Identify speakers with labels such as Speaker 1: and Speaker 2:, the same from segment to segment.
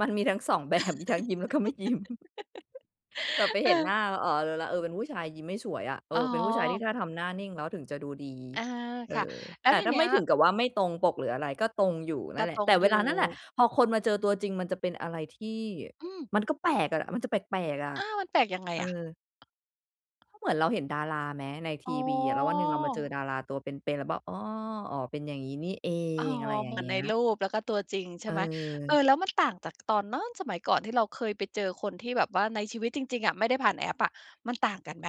Speaker 1: มันมีทั้ง 2 แบบ มีทั้งยิ้มแล้วก็ไม่ยิ้ม แบบไปเห็นหน้
Speaker 2: เออ
Speaker 1: า อ๋อ รู้แล้ว เออ เป็นผู้ชายยิ้มไม่ฉวยอะ เอ
Speaker 2: อ๋
Speaker 1: อ เป็นผู้ชายที่
Speaker 2: อ
Speaker 1: ถ้าทำหน้านิ่งแล้วถึงจะดูดี
Speaker 2: เออ
Speaker 1: เออ
Speaker 2: ค่ะ แล้
Speaker 1: แต
Speaker 2: ว
Speaker 1: ่
Speaker 2: ที
Speaker 1: ถ้
Speaker 2: เ
Speaker 1: า
Speaker 2: นี
Speaker 1: ไ
Speaker 2: ้
Speaker 1: ม่
Speaker 2: ย
Speaker 1: ถึงกับว่า ไม่ตรงปกหรืออะไร ก็ตรงอยู่น
Speaker 2: ก
Speaker 1: ั่
Speaker 2: ็
Speaker 1: นแหล
Speaker 2: ต
Speaker 1: ะ
Speaker 2: ร
Speaker 1: แต
Speaker 2: ง
Speaker 1: ่เ
Speaker 2: อ
Speaker 1: ว
Speaker 2: ยู
Speaker 1: ลา
Speaker 2: ่
Speaker 1: นั่นแหละ พอคนมาเจอตัวจริงมันจะเป็นอะไรที่
Speaker 2: อืม
Speaker 1: มันก็แปลกอะ มันจะแปลก ๆ อะ
Speaker 2: อ้าว มันแปลกยังไง
Speaker 1: เอ
Speaker 2: อะ?
Speaker 1: อ ก็เหมือนเราเห็นดาราไหมในท
Speaker 2: อ๋
Speaker 1: ีวีอะ แล้ววันหนึ่งเรามาเจอ
Speaker 2: อ
Speaker 1: ดาราตัวเป็น ๆ แล้วบอก "อ้อ อ๋อ เป็นอย่างงี้นี่เอ
Speaker 2: อ๋อ
Speaker 1: ง" อะไรอย
Speaker 2: เ
Speaker 1: ่
Speaker 2: ห
Speaker 1: า
Speaker 2: ม
Speaker 1: ง
Speaker 2: ือ
Speaker 1: เ
Speaker 2: น
Speaker 1: งี
Speaker 2: ใ
Speaker 1: ้
Speaker 2: น
Speaker 1: ย
Speaker 2: รูปแล้วก็ตัวจริง ใช
Speaker 1: เ
Speaker 2: ่ไหม เออ
Speaker 1: ออ
Speaker 2: แล้วมันต่างจากตอนโน้น สมัยก่อนที่เราเคยไปเจอคนที่แบบว่าในชีวิตจริง ๆ อะไม่ได้ผ่านแอปอะ มันต่างกันไหม?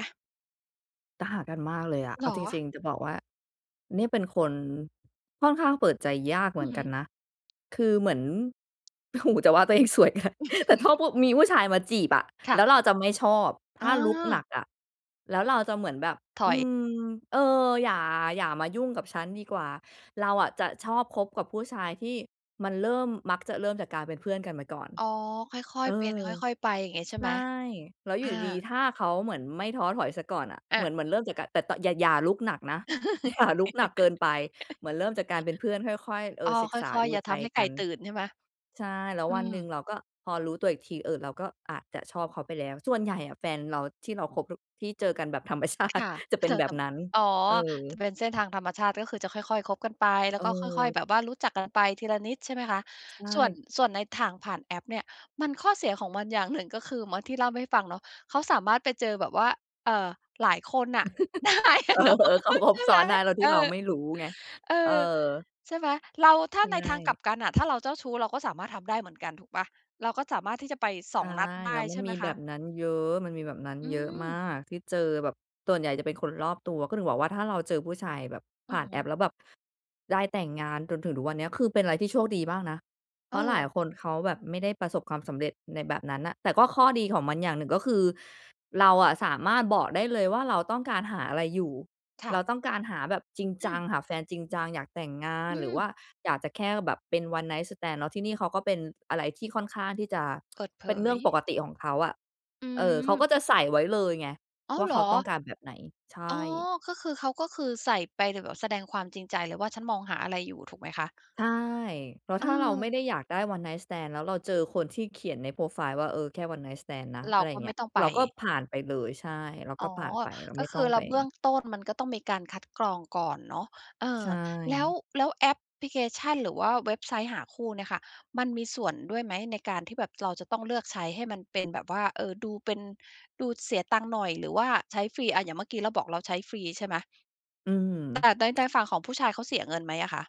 Speaker 1: แต่ห่างกันมากเลยอะ
Speaker 2: เ
Speaker 1: เอ
Speaker 2: หร
Speaker 1: า
Speaker 2: อ?
Speaker 1: จริง ๆ จะบอกว่า นี่เป็นคน ค่อนข้างเปิดใจยากเห
Speaker 2: อ
Speaker 1: ม
Speaker 2: ื
Speaker 1: ื
Speaker 2: อ
Speaker 1: อน
Speaker 2: ฮ
Speaker 1: กั
Speaker 2: ึ
Speaker 1: นนะ คือเหมือน โอ้โฮ จะว่าตัวเอง สวย แต่ถ้าผู้ มีผู้ชายมาจีบอะ
Speaker 2: ค่
Speaker 1: แล
Speaker 2: ะ
Speaker 1: ้วเราจะไม่ชอบ ถ
Speaker 2: อ
Speaker 1: ้ารุกหนั
Speaker 2: า
Speaker 1: กอะ แล้วเราจะเหมือนแบบ
Speaker 2: ถ
Speaker 1: อ
Speaker 2: ่อ
Speaker 1: ื
Speaker 2: ย
Speaker 1: ม "เออ อย่า อย่ามายุ่งกับฉันดีกว่า" เราอะจะชอบคบกับผู้ชายที่มันเริ่ม มักจะเริ่มจากการเป็นเพื่อนกันมาก่อน
Speaker 2: อ๋อ ค่อย
Speaker 1: เอ
Speaker 2: ๆ เป็น
Speaker 1: อ
Speaker 2: ค่อย ๆ ไปอย่างงี้ใช่
Speaker 1: ใช
Speaker 2: ไห
Speaker 1: ่
Speaker 2: ม?
Speaker 1: แล้วอ
Speaker 2: อ
Speaker 1: ยู่
Speaker 2: า
Speaker 1: ดี ๆ ถ้าเขาเหมือนไม่ท้อถอยเสียก่อนน่ะ
Speaker 2: อ
Speaker 1: เหมือ
Speaker 2: ะ
Speaker 1: น เหมือนเริ่มจากการ แต่ ต อย่า อย่ารุกหนักนะ อย่ารุก หนักเกินไป เหมือนเริ่มจากการเป็นเพื่อนค่อย ๆ เอ
Speaker 2: อ๋อ
Speaker 1: อ ศึก
Speaker 2: ค
Speaker 1: ษา
Speaker 2: ่อย
Speaker 1: ด
Speaker 2: ๆ
Speaker 1: ู
Speaker 2: อย่า
Speaker 1: ใ
Speaker 2: ท
Speaker 1: จ
Speaker 2: ำให้ไ
Speaker 1: ก
Speaker 2: ก
Speaker 1: ั
Speaker 2: ่
Speaker 1: น
Speaker 2: ตื่นใช่ไหม?
Speaker 1: ใช่ แล้ว
Speaker 2: อื
Speaker 1: วันหนึ่
Speaker 2: ม
Speaker 1: งเราก็ พอรู้ตัวอีกที เออ เราก็อาจจะชอบเขาไปแล้ว ส่วนใหญ่อะแฟนเราที่เราคบดุ๊ ที่เจอกันแบบ ธรรมชา
Speaker 2: ค
Speaker 1: ติ
Speaker 2: ่ะ
Speaker 1: จะเป็
Speaker 2: จ
Speaker 1: น
Speaker 2: ะ
Speaker 1: แบ
Speaker 2: ท
Speaker 1: บนั้น
Speaker 2: ำ อ๋อ
Speaker 1: เอ
Speaker 2: จะ
Speaker 1: อ
Speaker 2: เป็นเส้นทางธรรมชาติก็คือจะค่อย ๆ คบกันไป แล้วก็ค่อย
Speaker 1: เออ
Speaker 2: ๆ แบบว่ารู้จักกันไปทีละนิด ใช่ไหมคะ?
Speaker 1: ใช
Speaker 2: ส่วน
Speaker 1: ่
Speaker 2: ส่วนในทางผ่านแอปเนี่ย มันข้อเสียของมันอย่างหนึ่ง ก็คือ เหมือนที่เล่าให้ฟังเนาะ เขาสามารถไปเจอแบบว่า เอ่อ หลายคนน่ะ ได้อ
Speaker 1: เอ
Speaker 2: ะเนาะ
Speaker 1: อ ๆ เขาค
Speaker 2: ใช
Speaker 1: บ
Speaker 2: ่
Speaker 1: ซ
Speaker 2: ไ
Speaker 1: ้
Speaker 2: หม
Speaker 1: อนได้โดย
Speaker 2: เ
Speaker 1: ท
Speaker 2: อ
Speaker 1: ี่
Speaker 2: อ
Speaker 1: เราไม่รู้ไง
Speaker 2: เออ
Speaker 1: เออ
Speaker 2: ใช่ไหม เรา ถ้
Speaker 1: ใช
Speaker 2: าใน ทางกลั
Speaker 1: ่
Speaker 2: บกันน่ะ ถ้าเราเจ้าชู้เราก็สามารถทำได้เหมือนกัน ถูกเปล่า เราก็สามารถที่จะไป ส
Speaker 1: ใช
Speaker 2: อ
Speaker 1: ่
Speaker 2: ง นัดได
Speaker 1: แล้
Speaker 2: ้
Speaker 1: วมั
Speaker 2: ใช
Speaker 1: น
Speaker 2: ่ไ
Speaker 1: ม
Speaker 2: ห
Speaker 1: ี
Speaker 2: มค
Speaker 1: แบ
Speaker 2: ะ?
Speaker 1: บนั้นเยอะ มันมีแบบนั้น
Speaker 2: อื
Speaker 1: เยอะมา
Speaker 2: ม
Speaker 1: กที่เจอแบบส่วนใหญ่จะเป็นคนรอบตัว ก็ถึงบอกว่า ถ้าเราเจอผู้ชายแบบ
Speaker 2: อ
Speaker 1: ผ
Speaker 2: ื
Speaker 1: ่
Speaker 2: อ
Speaker 1: าน
Speaker 2: ฮ
Speaker 1: แอ
Speaker 2: ึ
Speaker 1: ป แล้วแบบได้แต่งงานจนถึงทุกวันเนี้ย คือ เป็นอะไรที่โชคดีมากนะ เพ
Speaker 2: เ
Speaker 1: ราะหลาย
Speaker 2: ออ
Speaker 1: คนเขาแบบไม่ได้ประสบความสำเร็จในแบบนั้นน่ะ แต่ก็ข้อดีของมันอย่างหนึ่ง ก็คือเราอะสามารถบอกได้เลยว่า เราต้องการหาอะไรอยู่
Speaker 2: ค
Speaker 1: เ
Speaker 2: ่
Speaker 1: รา
Speaker 2: ะ
Speaker 1: ต้องการหาแบบจริง
Speaker 2: อ
Speaker 1: จ
Speaker 2: ื
Speaker 1: ัง
Speaker 2: ม
Speaker 1: หาแฟนจริงจัง อยากแต่งงาน
Speaker 2: อื
Speaker 1: หรือว
Speaker 2: ม
Speaker 1: ่าอยากจะแค่แบบเป็น one night stand แล้วที่นี่เขาก็เป็นอะไรที่ค่อนข้างที่จะ
Speaker 2: เปิดเผ
Speaker 1: เป็นเรื่องป
Speaker 2: ย
Speaker 1: กติของเขาอะ
Speaker 2: อื
Speaker 1: เออ เขา
Speaker 2: ม
Speaker 1: ก็จะใส่ไว้เลยไง
Speaker 2: อ้า
Speaker 1: ว
Speaker 2: ว
Speaker 1: ่า
Speaker 2: เห
Speaker 1: เ
Speaker 2: ร
Speaker 1: ขา
Speaker 2: อ?
Speaker 1: ต้องการแบบไหน ใช
Speaker 2: อ๋อ
Speaker 1: ่
Speaker 2: ก็คือ เขาก็คือใส่ไปแบบแสดงความจริงใจเลยว่า ฉันมองหาอะไรอยู่ถูกไหมคะ?
Speaker 1: ใช่ เพราะ
Speaker 2: เ
Speaker 1: ถ้าเราไม่
Speaker 2: ออ
Speaker 1: ได้อยากได้ one night stand แล้วเราเจอคนที่เขียนในโพรไฟล์ว่า เออ แค่ one night stand นะ
Speaker 2: เร
Speaker 1: อ
Speaker 2: า
Speaker 1: ะไรอ
Speaker 2: ก
Speaker 1: ย่
Speaker 2: ็
Speaker 1: างเง
Speaker 2: ไ
Speaker 1: ี
Speaker 2: ม
Speaker 1: ้
Speaker 2: ่
Speaker 1: ย
Speaker 2: ต้องไ
Speaker 1: เ
Speaker 2: ป
Speaker 1: ราก็ผ่านไปเลย ใช่ เรา
Speaker 2: อ
Speaker 1: ก็
Speaker 2: ๋อ
Speaker 1: ผ่านไป เรา
Speaker 2: ก
Speaker 1: ไม
Speaker 2: ็
Speaker 1: ่
Speaker 2: ค
Speaker 1: ต้อ
Speaker 2: ื
Speaker 1: ง
Speaker 2: อเร
Speaker 1: ไป
Speaker 2: า เบื้องต้นมันก็ต้องมีการคัดกรองก่อนเนาะ เอ
Speaker 1: ใช
Speaker 2: อ แล้ว
Speaker 1: ่
Speaker 2: แล้วแอปพลิเคชัน หรือว่าเว็บไซต์หาคู่เนี่ยค่ะ มันมีส่วนด้วยไหมในการที่แบบเราจะต้องเลือกใช้ให้มันเป็นแบบว่า เอ่อ ดูเป็น ดูเสียตังค์หน่อย หรือว่าใช้ฟรี อะ อย่างเมื่อกี้เราบอกเราใช้ฟรีใช่ไหม?
Speaker 1: อื
Speaker 2: แต่ใน ใน
Speaker 1: ม
Speaker 2: ฝั่งของผู้ชายเขาเสียเงินไหมอะคะ?